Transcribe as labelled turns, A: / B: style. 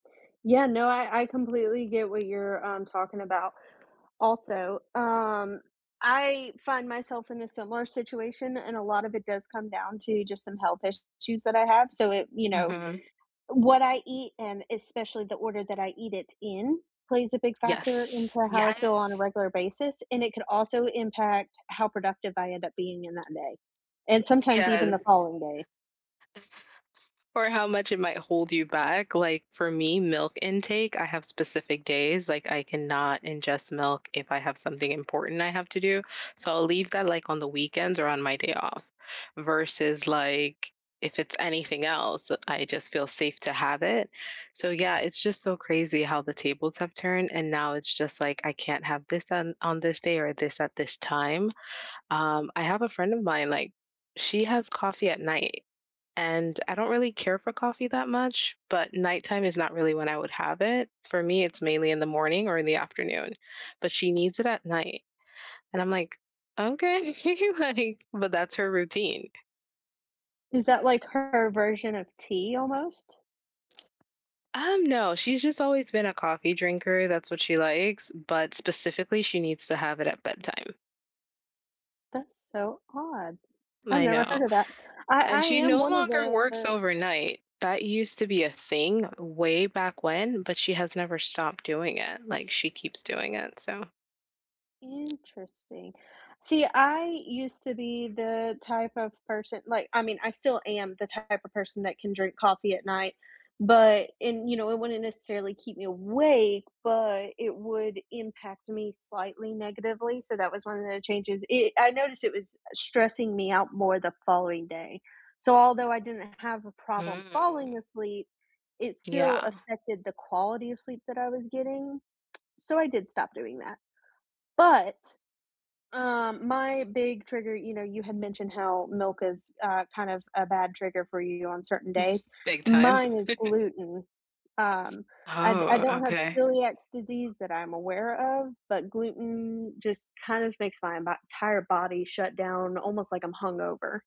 A: Yeah, no, I I completely get what you're, um, talking about. Also, um, I find myself in a similar situation and a lot of it does come down to just some health issues that I have. So, it you know,
B: Mhm.
A: what I eat and especially the order that I eat it in plays a big factor into
B: Yes.
A: how I feel on a
B: Yes!
A: regular basis and it could also impact how productive I end up being in that day, and sometimes even
B: Yes.
A: the following day.
B: Or how much it might hold you back. Like, for me, milk intake, I have specific days, like, I cannot ingest milk if I have something important I have to do. So, I'll leave that, like, on the weekends or on my day off versus like, if it's anything else, I just feel safe to have it. So, yeah, it's just so crazy how the tables have turned and now it's just, like, I can't have this on on this day or this at this time. Um, I have a friend of mine, like, she has coffee at night, and I don't really care for coffee that much, but nighttime is not really when I would have it. For me, it's mainly in the morning or in the afternoon, but she needs it at night, and I'm like, "Okay. Like" but that's her routine.
A: Is that like her version of tea almost?
B: Um, no, she's just always been a coffee drinker. That's what she likes, but specifically, needs to have it at bedtime.
A: That's so odd. I've
B: I
A: never
B: know.
A: heard of that. I I
B: And she
A: am
B: no
A: one of
B: longer works
A: the
B: overnight. That used to be a thing way back when, but she has never stopped doing it; like, she keeps doing it, so
A: Interesting. See, I used to be the type of person like, I mean, I still am the type of person that can drink coffee at night, but in you know, it wouldn't necessarily keep me awake, but it would impact me slightly negatively, so that was one of the changes. I I noticed it was stressing me out more the following day. So, although I didn't have a problem falling
B: Mm.
A: asleep, it still
B: Yeah.
A: affected the quality of sleep that I was getting. So, I did stop doing that. But, um, my big trigger, you know, you had mentioned how milk is, uh, kind of a bad trigger for you on certain days.
B: Big time.
A: Mine is gluten. Um, I d I
B: Oh,
A: don't have
B: okay.
A: celiacs disease that I'm aware of, but gluten just kind of makes my bo 'tire body shut down almost like I'm hungover.